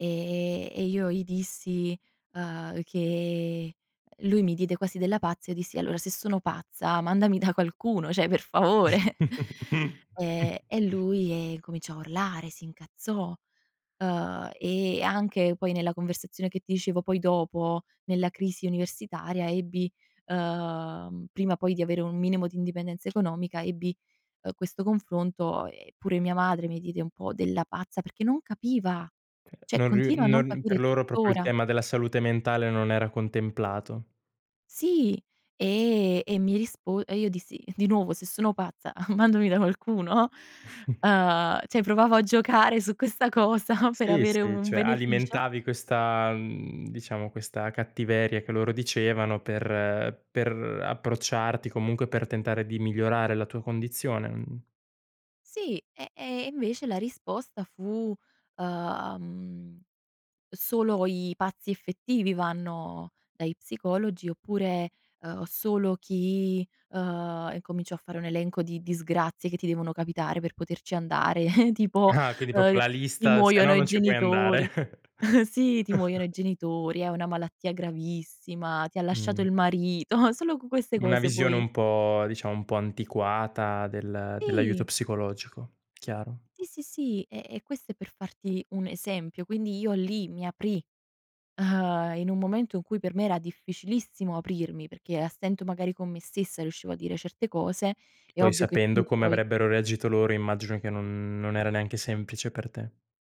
E e io gli dissi, uhm, che lui mi diede quasi della pazza e dissi: "Allora se sono pazza mandami da qualcuno." Cioè, per favore. Ehm, e lui, ehm, cominciò a urlare, si incazzò. Uhm, e anche poi nella conversazione che ti dicevo poi dopo, nella crisi universitaria ebbi uhm, prima poi di avere un minimo di indipendenza economica, ebbi, eh, questo confronto e pure mia madre mi diede un po' della pazza perché non capiva. Cioè, Non riu continua a non non per capire loro proprio il tuttora. tema della salute mentale non era contemplato. Sì. E e mi rispo e io dissi: "Di nuovo, se sono pazza mandami da qualcuno, no?" Uhm, cioè provavo a giocare su questa cosa per Sì, avere sì. un Cioè, beneficio. alimentavi questa mhmm, diciamo questa cattiveria che loro dicevano per per approcciarti comunque per tentare di migliorare la tua condizione, mh? Sì. E e e invece la risposta fu, uhm: "Solo i pazzi effettivi vanno dagli psicologi, oppure, uhm, solo chi" uhm, incominciò a fare un elenco di disgrazie che ti devono capitare per poterci andare. Tipo, Ah, quindi uhm: proprio la "Ti lista, se no muoiono i non ci puoi genitori." andare. Sì, "Ti muoiono i genitori. Hai una malattia gravissima. Ti ha lasciato Mh. il marito." solo con queste Una cose visione puoi un po' diciamo un po' antiquata del dell'aiuto I psicologico, chiaro. Sì, sì, sì. E e questo è per farti un esempio. Quindi, io lì mi aprì, uhm, in un momento in cui per me era difficilissimo aprirmi, perché a stento magari con me stessa riuscivo a dire certe cose, è Poi ovvio che sapendo più come poi avrebbero reagito loro immagino che non non era neanche semplice per te.